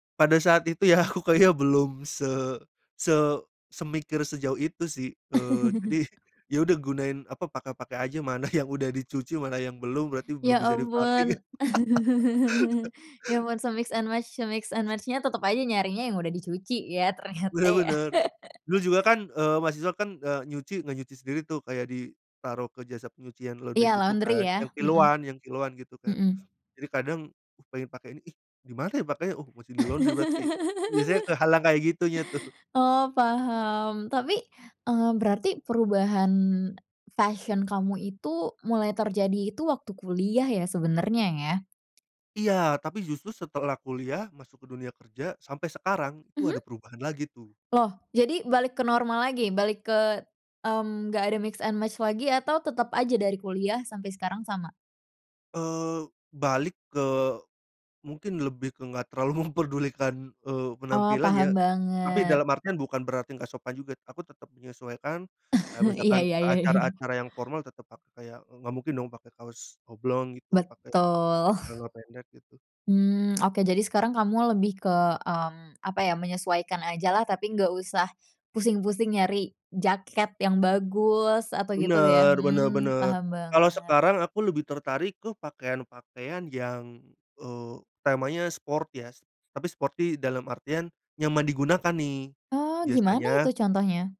Pada saat itu ya aku kayaknya belum se se semikir sejauh itu sih, eee, jadi, ya udah gunain apa, pakai-pakai aja mana yang udah dicuci mana yang belum berarti Ya belum bisa dipakai. ampun ya ampun se-mix and match se-mix and match-nya tetep aja nyarinya yang udah dicuci ya ternyata Bener ya. bener, dulu juga kan, eee, mahasiswa kan, eee, nyuci nggak nyuci sendiri tuh, kayak ditaruh ke jasa penyucian Iya laundry gitu laundry kan ya, yang mhm, kiloan yang kiloan gitu kan, mhm. jadi kadang, pengen pakai ini, ih, dimana ya pakaiannya? Oh masih di laundry berarti, biasanya kehalang kayak gitunya tuh. Oh paham tapi, eee, berarti perubahan, fashion kamu itu mulai terjadi itu waktu kuliah ya sebenernya ya? Iya tapi justru setelah kuliah masuk ke dunia kerja sampai sekarang itu Mhm? ada perubahan lagi tuh. Loh jadi balik ke normal lagi balik ke, mmm, nggak ada mix and match lagi atau tetep aja dari kuliah sampai sekarang sama? Eee, balik ke mungkin lebih ke nggak terlalu memperdulikan, eee, Oh penampilan ya, paham tapi banget. dalam artian bukan berarti nggak sopan juga aku tetep menyesuaikan, kayak Iya misalkan iya ke iya iya. acara-acara yang formal tetep pakai kayak nggak mungkin dong pakai kaos oblong gitu pakai, Betul. celana pendek gitu. Mmm, oke jadi sekarang kamu lebih ke, mmm, apa ya menyesuaikan ajalah tapi nggak usah pusing-pusing nyari jaket yang bagus atau gitu ya, Bener, bener mmm, bener, paham kalau banget. sekarang aku lebih tertarik ke pakaian-pakaian yang, eee, temanya sport ya s tapi sporty dalam artian, nyaman digunakan nih, Oh gimana itu biasanya contohnya?